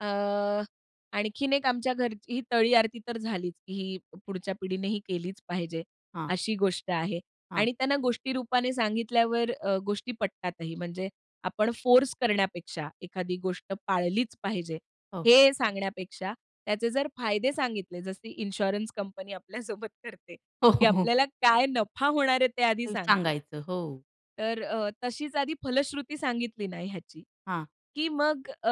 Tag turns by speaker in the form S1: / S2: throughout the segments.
S1: अ, आणखीन एक आमच्या घरची ही तळी आरती तर झालीच, की ही पुढच्या पिढीनेही केलीच पाहिजे,
S2: हां.
S1: अशी गोष्ट आहे
S2: हां.
S1: आणि त्यांना गोष्टीरूपाने सांगितल्यावर अ, गोष्टी पटतातही. म्हणजे आपण फोर्स करण्यापेक्षा एखादी गोष्ट पाळलीच पाहिजे,
S2: हो.
S1: हे सांगण्यापेक्षा त्याचे जर फायदे सांगितले, जसं इन्शुरन्स कंपनी आपल्यासोबत करते,
S2: हो,
S1: की
S2: हो.
S1: आपल्याला काय नफा होणार आहे ते आधी
S2: ते
S1: सांगते.
S2: सांगायचं. हो.
S1: तर अ, तशीच आधी फलश्रुती सांगितली ना ह्याची,
S2: हां.
S1: की मग अ,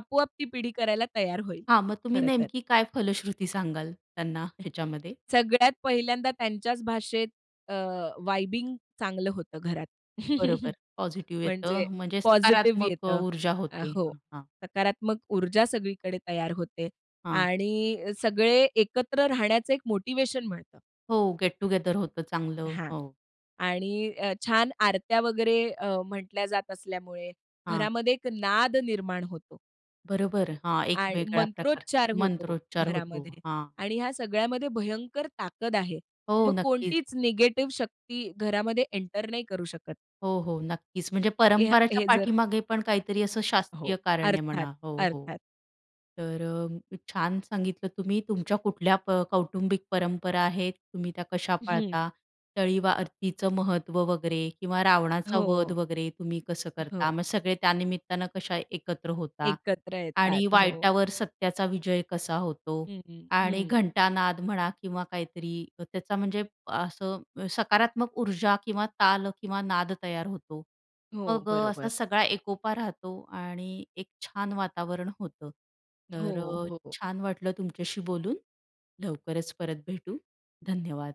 S1: आपोआप ती पिढी करायला तयार होईल.
S2: हां, मग तुम्ही
S1: खरं तर.
S2: नेमकी काय फलश्रुती सांगाल त्यांना ह्याच्यामध्ये?
S1: सगळ्यात पहिल्यांदा त्यांच्याच भाषेत अ, वाइबिंग चांगलं होतं घरात.
S2: बरोबर, पॉझिटिव्ह
S1: म्हणजे
S2: येतं म्हणजे
S1: पॉझिटिव्ह
S2: सकारात्मक अ,
S1: येतं.
S2: ऊर्जा
S1: अ,
S2: होते,
S1: हो,
S2: हं, हां.
S1: सकारात्मक ऊर्जा सगळीकडे तयार होते
S2: हां.
S1: आणि सगळे एकत्र राहण्याचं एक मोटिव्हेशन मिळतं.
S2: हो, गेट टुगेदर होतं चांगलं.
S1: हां,
S2: हो.
S1: आणि अ, छान आरत्या वगैरे अ, म्हटल्या जात असल्यामुळे
S2: हां.
S1: घरामध्ये एक नाद निर्माण होतो.
S2: बरोबर, हा एक
S1: आणि
S2: वेगळा प्रकार,
S1: मंत्रोच्चार होतो
S2: मंत्रोच्चार होतो.
S1: घरामध्ये
S2: हां.
S1: आणि ह्या सगळ्यामध्ये भयंकर ताकद आहे.
S2: हो,
S1: मग
S2: नक्कीच.
S1: कोणतीच निगेटिव्ह शक्ती घरामध्ये एंटर नाही करू शकत.
S2: हो, हो, नक्कीच. म्हणजे
S1: ह्या
S2: परंपरेच्या
S1: हे जर
S2: पाठीमागे पण काहीतरी असं
S1: हो,
S2: शास्त्रीय कारण आहे
S1: अर्थात,
S2: म्हणा. हो, हो.
S1: अर्थात.
S2: तर अ, छान सांगितलं तुम्ही, तुमच्या कुठल्या प कौटुंबिक परंपरा आहेत, तुम्ही त्या कशा
S1: हं.
S2: पाळता, तळी व आरतीचं महत्त्व वगैरे किंवा रावणाचा वध
S1: हो.
S2: वगैरे तुम्ही कसं करता,
S1: हो.
S2: मग सगळे त्या निमित्तानं कसे एकत्र होतात
S1: एकत्र
S2: आणि
S1: येतात. हो.
S2: वाईटावर सत्याचा विजय कसा होतो
S1: हं, हं,
S2: आणि
S1: हं.
S2: घंटानाद म्हणा किंवा काहीतरी त्याचा, म्हणजे असं सकारात्मक ऊर्जा किंवा ताल किंवा नाद तयार होतो.
S1: हो,
S2: मग अ, असा
S1: बरोबर.
S2: सगळा एकोपा राहतो आणि एक छान वातावरण होतं. तर
S1: हो,
S2: अ,
S1: हो, हो.
S2: छान वाटलं तुमच्याशी बोलून. लवकरच परत भेटू. धन्यवाद.